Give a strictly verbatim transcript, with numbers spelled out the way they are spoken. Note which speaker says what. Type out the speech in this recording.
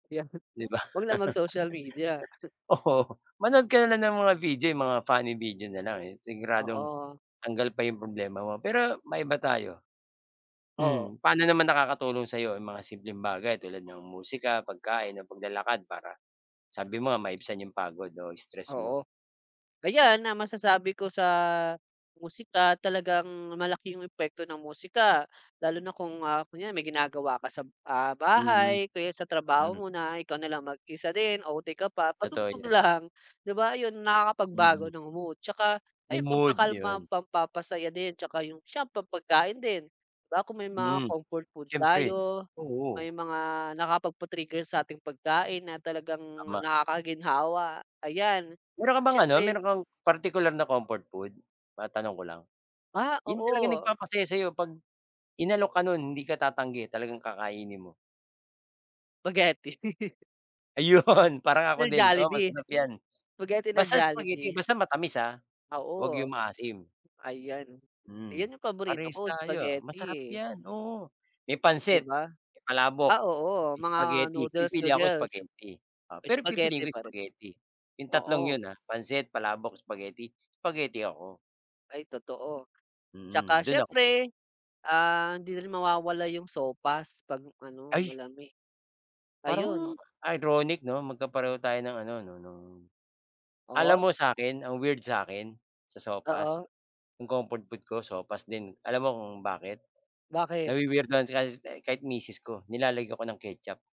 Speaker 1: Kaya
Speaker 2: 'Di ba?
Speaker 1: Wag na mag-social media.
Speaker 2: Oo, manood ka na lang ng mga video, 'yong mga funny video na lang, eh, siguradong,
Speaker 1: Oo.
Speaker 2: tanggal pa 'yong problema mo. Pero, maiba tayo
Speaker 1: Oo.
Speaker 2: Hmm, paano naman nakakatulong sa'yo 'yong mga simpleng bagay tulad ng musika, pagkain o paglalakad para sabi mo nga maibsan 'yong pagod o stress mo?
Speaker 1: Oo. Ayan, na masasabi ko sa musika, talagang malaki 'yong epekto ng musika. Lalo na kung, ah, kunwari may ginagawa ka sa b ah,
Speaker 2: Mhm,
Speaker 1: bahay o kaya sa trabaho
Speaker 2: hmm.
Speaker 1: mo na, ikaw na lang mag-isa din, O-T ka pa,
Speaker 2: Totoo
Speaker 1: patugtog
Speaker 2: yan.
Speaker 1: lang, 'di ba, 'yon nakakapagbago
Speaker 2: Mhm.
Speaker 1: ng mood. 'Tsaka,
Speaker 2: 'Yong
Speaker 1: ayun,
Speaker 2: mood.
Speaker 1: pampakalma,
Speaker 2: 'Yon.
Speaker 1: pampapasaya din, 'tsaka 'yong sa pampagkain din. 'Di ba, kung may mga
Speaker 2: Hmm.
Speaker 1: comfort food
Speaker 2: Siyempre,
Speaker 1: tayo, may
Speaker 2: oo.
Speaker 1: mga nakapagpa-trigger sa ating pagkain na talagang
Speaker 2: Tama.
Speaker 1: nakakaginhawa. Ayan,
Speaker 2: Mayro'n ka bang, ano,
Speaker 1: syempre
Speaker 2: mayro'n kang, partikular na comfort food? Matanong ko lang.
Speaker 1: Ah,
Speaker 2: 'Yong talagang
Speaker 1: oo.
Speaker 2: nagpapasaya sa'yo 'pag, inalok ka no'n hindi ka tatanggi talagang kakainin mo.
Speaker 1: Spaghetti.
Speaker 2: Ayun! parang ako
Speaker 1: Ng
Speaker 2: din, oo,
Speaker 1: Jollibee.
Speaker 2: masarap 'yan.
Speaker 1: Spaghetti ng
Speaker 2: Basta spaghetti,
Speaker 1: Jollibee.
Speaker 2: basta matamis, ah, huwag
Speaker 1: Oo.
Speaker 2: 'yong maasim.
Speaker 1: Ayan, ayan
Speaker 2: Hmm,
Speaker 1: 'yong paborito
Speaker 2: parehas
Speaker 1: ko,
Speaker 2: tayo, ah. Masarap
Speaker 1: spaghetti.
Speaker 2: yan, oo. May
Speaker 1: 'Di
Speaker 2: pansit,
Speaker 1: ba?
Speaker 2: may palabok,
Speaker 1: Ah, oo. Mga
Speaker 2: spaghetti. Pipili ako
Speaker 1: noodles-noodles.
Speaker 2: spaghetti, o, pero
Speaker 1: Spaghetti
Speaker 2: pipiliin ko
Speaker 1: pa rin.
Speaker 2: spaghetti. 'Yong tatlong
Speaker 1: Oo.
Speaker 2: 'yon, ah, pansit, palabok, spaghetti. Spaghetti ako.
Speaker 1: Ay totoo.
Speaker 2: Mm,
Speaker 1: 'Tsaka
Speaker 2: do'n ako po
Speaker 1: siyempre, ah, hindi rin mawawala 'yong sopas 'pag ano
Speaker 2: Ay!
Speaker 1: malamig. Ayun.
Speaker 2: Parang, ironic 'no? Magkapareho tayo ng ano 'no, no'ng Alam
Speaker 1: O?
Speaker 2: mo sa akin, ang weird sa akin, sa sopas,
Speaker 1: Oo.
Speaker 2: 'yong comfort food ko sopas din. Alam mo kung bakit?
Speaker 1: Bakit?
Speaker 2: Nawi-weirduhan si kahit ste kahit misis ko, nilalagayan ko ng ketchup.